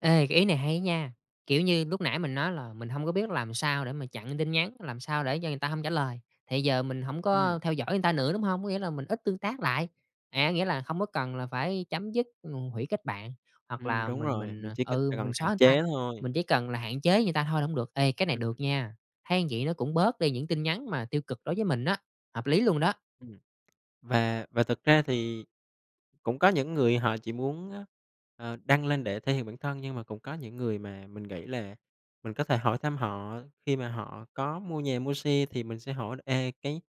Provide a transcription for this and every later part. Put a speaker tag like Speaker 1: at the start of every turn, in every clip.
Speaker 1: Ê, cái ý này hay á nha! Kiểu như, lúc nãy mình nói là mình hông có biết làm sao để mà chặn tin nhắn, làm sao để cho người ta hông trả lời, thì giờ mình hổng
Speaker 2: Ừm.
Speaker 1: có theo dõi người ta nữa, đúng hông? Có nghĩa là mình ít tương tác lại. À, nghĩa là không có cần là phải chấm dứt, ngù hủy kết bạn, hoặc
Speaker 2: Ừm,
Speaker 1: là
Speaker 2: đúng
Speaker 1: mình
Speaker 2: rồi,
Speaker 1: mình,
Speaker 2: mình
Speaker 1: ờ
Speaker 2: chỉ cân c
Speaker 1: ừ,
Speaker 2: cần
Speaker 1: mình
Speaker 2: hạn
Speaker 1: xóa người ta,
Speaker 2: chế thôi.
Speaker 1: mình chỉ cần là hạn chế người ta thôi là hổng được. Ê, cái này
Speaker 2: Ừm, ừm.
Speaker 1: được nha! Thấy vậy nó cũng bớt đi những tin nhắn mà tiêu cực đối với mình á, hợp lý luôn đó.
Speaker 2: Ừm. Và và thực ra thì cũng có những người họ chỉ muốn, ơ, ờ, đăng lên để thể hiện bản thân, nhưng mà cũng có những người mà mình nghĩ là mình có thể hỏi thăm họ khi mà họ có mua nhà, mua xe. Thì mình sẽ hỏi là "Ê, cái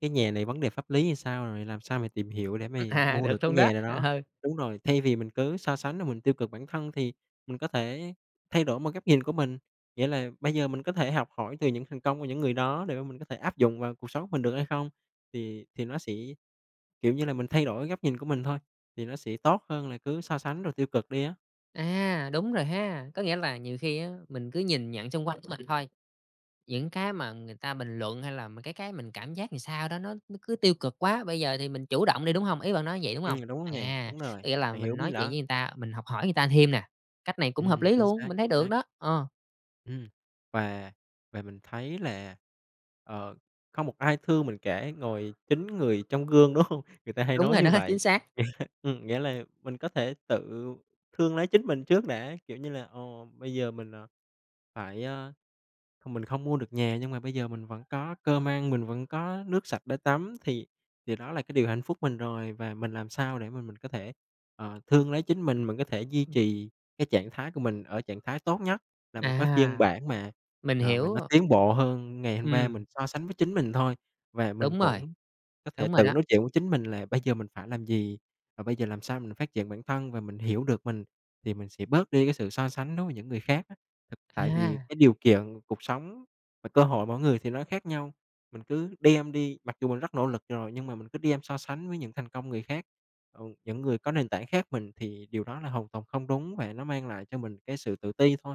Speaker 2: cái nhà này vấn đề pháp lý thì sao?" rồi "Làm sao mày tìm hiểu để
Speaker 1: Ừm,
Speaker 2: mày
Speaker 1: à,
Speaker 2: mua được
Speaker 1: được
Speaker 2: cái
Speaker 1: luôn đó,
Speaker 2: nhà nào đó?"
Speaker 1: ờ.
Speaker 2: Đúng rồi, thay vì mình cứ so sánh rồi mình tiêu cực bản thân, thì mình có thể thay đổi một góc nhìn của mình. Nghĩa là bây giờ mình có thể học hỏi từ những thành công của những người đó để mà mình có thể áp dụng vào cuộc sống mình được hay không. Thì thì nó sẽ kiểu như là mình thay đổi góc nhìn của mình thôi, thì nó sẽ tốt hơn là cứ so sánh rồi tiêu cực đi á.
Speaker 1: À, đúng rồi ha! Có nghĩa là nhiều khi á, mình cứ nhìn nhận xung quanh của mình thôi. Những cái mà người ta bình luận hay là mấy cái cái mình cảm giác sao đó, nó nó cứ tiêu cực quá. Bây giờ thì mình chủ động đi, đúng hông? Ý bạn nói như vậy, đúng hông?
Speaker 2: Ừm, đúng rồi nè,
Speaker 1: À,
Speaker 2: đúng
Speaker 1: có
Speaker 2: rồi,
Speaker 1: nghĩa là
Speaker 2: bạn hiểu
Speaker 1: mình
Speaker 2: bí mình
Speaker 1: nói chuyện
Speaker 2: đó.
Speaker 1: với người ta, mình học hỏi người ta thêm nè. Cách này cũng hợp
Speaker 2: Ừm,
Speaker 1: lý
Speaker 2: chính
Speaker 1: luôn,
Speaker 2: xác,
Speaker 1: mình thấy
Speaker 2: chính
Speaker 1: được
Speaker 2: xác.
Speaker 1: đó. Ờ.
Speaker 2: Ừm, và và mình thấy là, ờ, không một ai thương mình cả, ngoài chính người trong gương, đúng hông? Người ta hay
Speaker 1: Đúng
Speaker 2: nói
Speaker 1: rồi
Speaker 2: như
Speaker 1: đó, chính
Speaker 2: vậy.
Speaker 1: xác!
Speaker 2: Ừm, nghĩa là mình có thể tự thương lấy chính mình trước đã, kiểu như là, ờ, bây giờ mình, ờ, phải, à, không mình không mua được nhà, nhưng mà bây giờ mình vẫn có cơm ăn, mình vẫn có nước sạch để tắm, thì điều đó là cái điều hạnh phúc mình rồi. Và mình làm sao để mà mình có thể, ờ, thương lấy chính mình, mình có thể duy
Speaker 1: Ừm.
Speaker 2: trì cái trạng thái của mình ở trạng thái tốt nhất, là một cái phiên
Speaker 1: À.
Speaker 2: bản mà,
Speaker 1: Mình
Speaker 2: ờ, mà
Speaker 1: hiểu,
Speaker 2: nó
Speaker 1: ồ.
Speaker 2: tiến bộ hơn ngày hôm qua.
Speaker 1: Ừm.
Speaker 2: Mình so sánh với chính mình thôi, và mình
Speaker 1: Đúng rồi.
Speaker 2: cũng có thể
Speaker 1: Đúng rồi
Speaker 2: tự
Speaker 1: đó.
Speaker 2: nói chuyện với chính mình là bây giờ mình phải làm gì, và bây giờ làm sao mình phát triển bản thân, và mình hiểu được mình thì mình sẽ bớt đi cái sự so sánh đối với những người khác á. Thực tại vì
Speaker 1: À!
Speaker 2: cái điều kiện cuộc sống, và cơ hội mỗi người thì nó khác nhau. Mình cứ đem đi mặc dù mình rất nỗ lực rồi, nhưng mà mình cứ đem so sánh với những thành công người khác, ừ, những người có nền tảng khác mình, thì điều đó là hoàn toàn không đúng, và nó mang lại cho mình cái sự tự ti thôi.